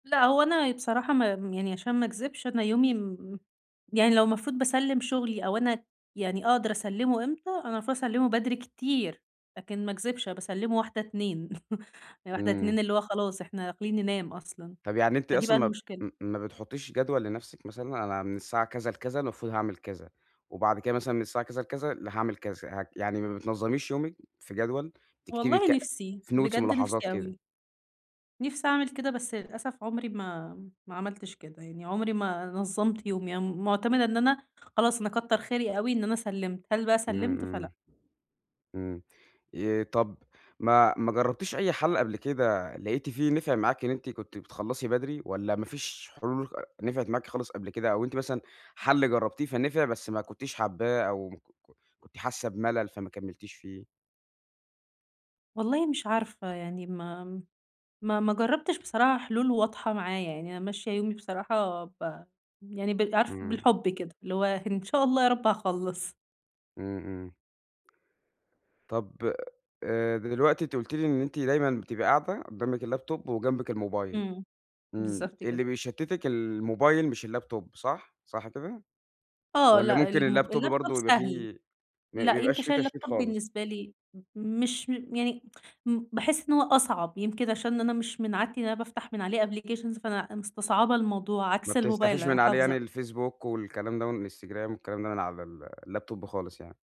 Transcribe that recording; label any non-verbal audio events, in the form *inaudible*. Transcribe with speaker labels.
Speaker 1: لا هو أنا بصراحة ما يعني عشان ما اكذبش أنا يومي م يعني لو المفروض باسلم شغلي أو أنا يعني أقدر أسلمه إمتى، أنا المفروض أسلمه بدري كتير لكن ما اكذبش أنا باسلمه 01:00، 02:00. *chuckles* يعني واحدة،
Speaker 2: إمم.
Speaker 1: اتنين. اللي هو خلاص إحنا داخلين ننام أصلًا.
Speaker 2: طب، يعني أنتِ
Speaker 1: فدي بقى
Speaker 2: أصلًا ما
Speaker 1: المشكلة.
Speaker 2: ما بتحطيش جدول لنفسك مثلًا؟ أنا من الساعة كذا لكذا المفروض هاعمل كذا، وبعد كده مثلًا من الساعة كذا لكذا ل هاعمل كذا. ه يعني ما بتنظميش يومك في جدول، تكتبي
Speaker 1: والله
Speaker 2: ك
Speaker 1: نفسي،
Speaker 2: في notes،
Speaker 1: بجد
Speaker 2: ملاحظات
Speaker 1: نفسي
Speaker 2: كده؟
Speaker 1: أوي. نفسي أعمل كده بس للأسف عمري ما ما عملتش كده، يعني عمري ما نظمت يومي. أنا معتمدة إن أنا خلاص، أنا كتر خيري أوي إن أنا سلمت، هل بقى
Speaker 2: إمم،
Speaker 1: سلمت؟ فلأ.
Speaker 2: إمم. إمم، آآ، طب، ما ما جربتيش أي حل قبل كده لقيتِ فيه نفع معاكِ إن أنتِ كنتِ بتخلصي بدري؟ والّا ما فيش حلول خ نفعت معاكِ خالص قبل كده؟ أو أنتِ مثلًا حل جربتيه فنفع بس ما كنتيش حاباه أو ك ك كنتِ حاسة بملل فما كملتيش فيه؟
Speaker 1: والله مش عارفة يعني ما ما ما جربتش بصراحة حلول واضحة معايا، يعني أنا ماشية يومي بصراحة ب يعني ب عارف
Speaker 2: إمم.
Speaker 1: بالحب كده، اللي هو إن شاء الله يا رب هاخلّص.
Speaker 2: إمم، إمم. طب، آآ، دلوقتي أنتِ قُلتِ لي إن أنتِ دايمًا بتبقى قاعدة قدامِك اللاب توب وجنبِك الموبايل.
Speaker 1: إمم،
Speaker 2: إمم،
Speaker 1: بالضبط كده.
Speaker 2: اللي بيشتتِك الموبايل مش اللاب توب صح؟ صح كده؟
Speaker 1: آه،
Speaker 2: والّا
Speaker 1: لأ،
Speaker 2: ممكن
Speaker 1: الم
Speaker 2: اللاب توب
Speaker 1: اللاب توب
Speaker 2: برضه يبقى
Speaker 1: سهل.
Speaker 2: فيه ما
Speaker 1: لأ،
Speaker 2: بيبقاش
Speaker 1: يمكن
Speaker 2: فيه
Speaker 1: عشان اللاب
Speaker 2: تشتيت
Speaker 1: توب
Speaker 2: خالص.
Speaker 1: بالنسبة لي مش يعني *tsk* م باحس إن هو أصعب، يمكن عشان أنا مش من عادتي إن أنا بافتح من عليه applications فأنا مستصعبة الموضوع،
Speaker 2: ما
Speaker 1: عكس الموبايل
Speaker 2: بتفتحيش
Speaker 1: أنا
Speaker 2: من عليه يعني
Speaker 1: حافظة
Speaker 2: الفيسبوك والكلام ده والإنستجرام والكلام ده من على ال اللاب توب خالص يعني.